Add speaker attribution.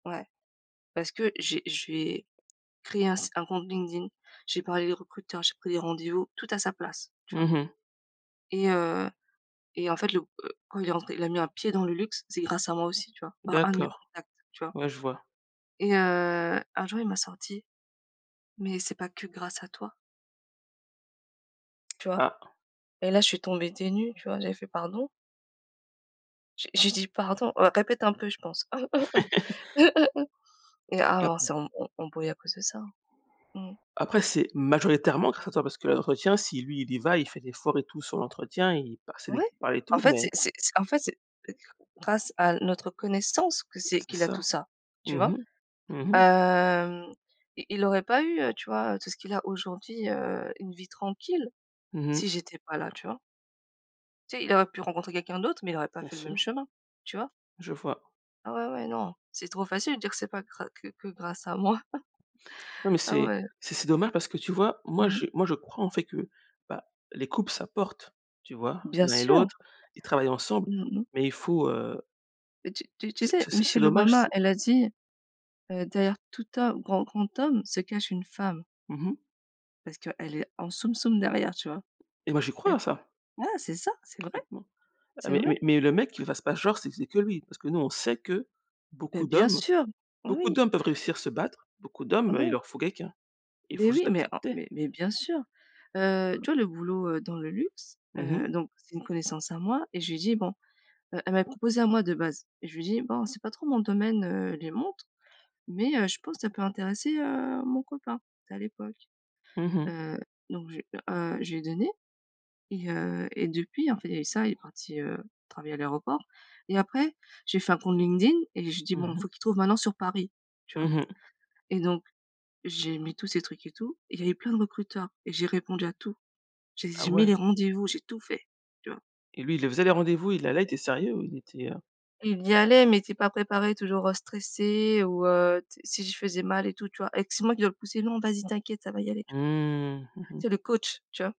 Speaker 1: Ouais. Parce que j'ai j'ai créé un si un compte LinkedIn, j'ai parlé à des recruteurs, j'ai pris des rendez-vous, tout à sa place, tu vois
Speaker 2: Mmh mh.
Speaker 1: et heu et en fait le, heu, quand il est rentré, il a mis un pied dans le luxe, c'est grâce à moi aussi, tu vois, par un de mes
Speaker 2: D'accord,
Speaker 1: contacts, tu vois
Speaker 2: ouais, je vois.
Speaker 1: et heu, un jour il m'a sorti: «Mais c'est pas que grâce à toi». Tu vois?
Speaker 2: Ah.
Speaker 1: Et là je suis tombée des nues, tu vois, j'ai fait: «Pardon?». J'ai j'ai dit: «Pardon? Heu, répète un peu!», je pense et
Speaker 2: Ah.
Speaker 1: avant on s'est emb embrouillé à cause de ça. Mmh mh.
Speaker 2: Après c'est majoritairement créateur parce que l'entretien si lui il y va, il fait l'effort et tout sur l'entretien et il, bah, c'est lui
Speaker 1: Ouais!
Speaker 2: qui parle et
Speaker 1: En
Speaker 2: tout
Speaker 1: fait, c'est
Speaker 2: mais
Speaker 1: c'est c'est, en fait c'est grâce à notre connaissance que c'est
Speaker 2: C'est
Speaker 1: qu'il a tout
Speaker 2: ça.
Speaker 1: ça, tu
Speaker 2: Mmh
Speaker 1: vois,
Speaker 2: mh. Mmh mh.
Speaker 1: hem, il il aurait pas eu, heu, tu vois, heu, tout ce qu'il a aujourd'hui, heu, une vie tranquille
Speaker 2: Mmh mh.
Speaker 1: si j'étais pas là, tu vois? Tu sais, il aurait pu rencontrer quelqu'un d'autre, mais il aurait pas
Speaker 2: Bien
Speaker 1: fait le même
Speaker 2: sûr.
Speaker 1: chemin, tu vois?
Speaker 2: Je vois.
Speaker 1: Ah ouais, ouais, non, c'est trop facile de dire que c'est pas gra que que grâce à moi.
Speaker 2: Non mais
Speaker 1: Ah
Speaker 2: c'est
Speaker 1: ouais.
Speaker 2: c'est c'est dommage parce que tu vois, moi,
Speaker 1: Mmh.
Speaker 2: je moi, je crois en fait que, bah, les couples s'apportent, tu vois,
Speaker 1: Bien
Speaker 2: l'un et
Speaker 1: sûr.
Speaker 2: l'autre, ils travaillent ensemble
Speaker 1: Mmh mh.
Speaker 2: mais il faut, heu
Speaker 1: Heu, tu tu tu
Speaker 2: c'est
Speaker 1: sais,
Speaker 2: c'est c'est
Speaker 1: Michelle
Speaker 2: dommage
Speaker 1: Obama,
Speaker 2: si
Speaker 1: elle a dit, heu: «derrière tout homme, grand grand homme se cache une femme»
Speaker 2: Mmh mh.
Speaker 1: parce qu'elle est en soum soum derrière, tu vois?
Speaker 2: Et moi j'y crois
Speaker 1: Elle
Speaker 2: à ça.
Speaker 1: ouais, c'est ça, c'est vrai.
Speaker 2: Parfaitement. Ah
Speaker 1: C'est
Speaker 2: mais
Speaker 1: vrai.
Speaker 2: mais mais le mec qu'il fasse pas genre c'est c'est que lui, parce que nous on sait que
Speaker 1: Beh,
Speaker 2: beaucoup
Speaker 1: bien
Speaker 2: d'hommes
Speaker 1: sûr. Bah
Speaker 2: beaucoup
Speaker 1: oui.
Speaker 2: d'hommes peuvent réussir, se battre, beaucoup d'hommes, heu, il
Speaker 1: Ouais.
Speaker 2: leur faut quelqu'un, Il
Speaker 1: Beh
Speaker 2: faut juste
Speaker 1: oui, mais oh,
Speaker 2: l'accepter.
Speaker 1: mais mais bien sûr, heu, tu vois le boulot, heu, dans le luxe,
Speaker 2: Mmh mh.
Speaker 1: heu, donc, c'est une connaissance à moi et je lui ai dit: «Bon», heu, elle m'avait proposé à moi de base et je lui ai dit: «Bon, c'est pas trop mon domaine, heu, les montres mais heu, je pense que ça peut intéresser, heu, mon copain», tu sais, à l'époque,
Speaker 2: Mmh mh.
Speaker 1: heu, donc je heu, je lui ai donné et heu et depuis, en fait, il y a eu ça, il est parti, heu, travailler à l'aéroport et après, je lui ai fait un compte LinkedIn et je lui dis bon,
Speaker 2: Mmh mh.
Speaker 1: faut qu'il trouve maintenant sur Paris, tu vois,
Speaker 2: Mmh mh.
Speaker 1: et donc j'ai mis tous ces trucs et tout et il y avait plein de recruteurs et j'ai répondu à tout. J'ai
Speaker 2: Ah
Speaker 1: j'ai mis
Speaker 2: ouais.
Speaker 1: les rendez-vous, j'ai tout fait, tu vois?
Speaker 2: Et lui, il les faisait les rendez-vous, il allait, il était sérieux ou il était, heu?
Speaker 1: Il y allait mais il était pas préparé, toujours, heu, stressé ou heu, tu sais si je faisais mal et tout, tu vois et que c'est moi qui dois le pousser: «Non, vas-y t'inquiète, ça va y aller», tu vois,
Speaker 2: Mmh mh, mmh.
Speaker 1: tu sais le coach, tu vois?